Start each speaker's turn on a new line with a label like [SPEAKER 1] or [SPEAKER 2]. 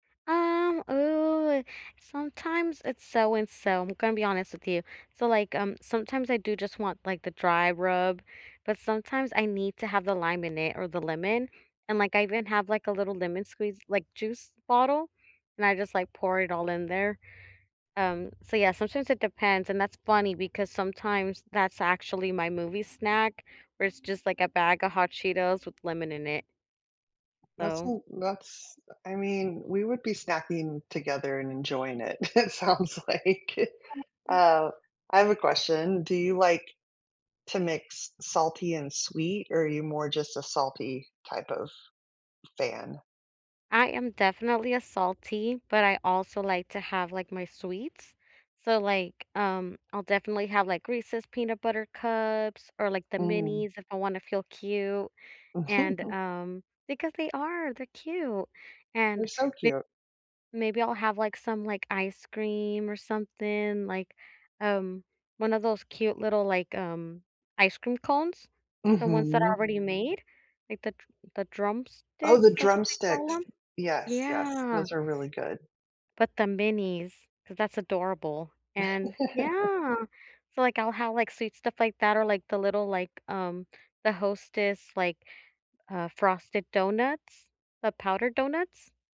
[SPEAKER 1] Um, ooh, sometimes it's so and so, I'm gonna be honest with you. So, like, um, sometimes I do just want, like, the dry rub, but sometimes I need to have the lime in it or the lemon, and like, I even have, like, a little lemon squeeze, like, juice bottle, and I just, like, pour it all in there, um, so yeah, sometimes it depends, and that's funny because sometimes that's actually my movie snack where it's just a bag of Hot Cheetos with lemon in it.
[SPEAKER 2] That's a
[SPEAKER 1] So
[SPEAKER 2] l that's uh, I mean, we would be snacking together and enjoying it, it sounds like. Uh, I have a question, do you like to mix salty and sweet or are you more just a salty type of fan?
[SPEAKER 1] I am definitely a salty, but I also like to have, like, my sweets, so, like, um, I'll definitely have, like, Reese's Peanut Butter Cups, or like the
[SPEAKER 2] Mm.
[SPEAKER 1] minis if I wanna feel cute, and um Because they are, they're cute,
[SPEAKER 2] They're
[SPEAKER 1] and
[SPEAKER 2] so
[SPEAKER 1] m
[SPEAKER 2] cute.
[SPEAKER 1] maybe I'll have, like, some, like, ice cream or something like, um, one of those cute little, like, um, ice cream cones. The ones that are
[SPEAKER 2] Mhm.
[SPEAKER 1] already made, like, the Dr the
[SPEAKER 2] Oh,
[SPEAKER 1] Drumsticks,
[SPEAKER 2] the
[SPEAKER 1] that's what they call
[SPEAKER 2] Drumsticks.
[SPEAKER 1] 'em?
[SPEAKER 2] Yes, yes.
[SPEAKER 1] Yeah.
[SPEAKER 2] Those are really good.
[SPEAKER 1] But the minis, 'cause that's adorable, and Yeah. So like I'll have, like, sweet stuff like that or, like, the little, like, um, the Hostess, like, uh, frosted donuts, the powdered donuts.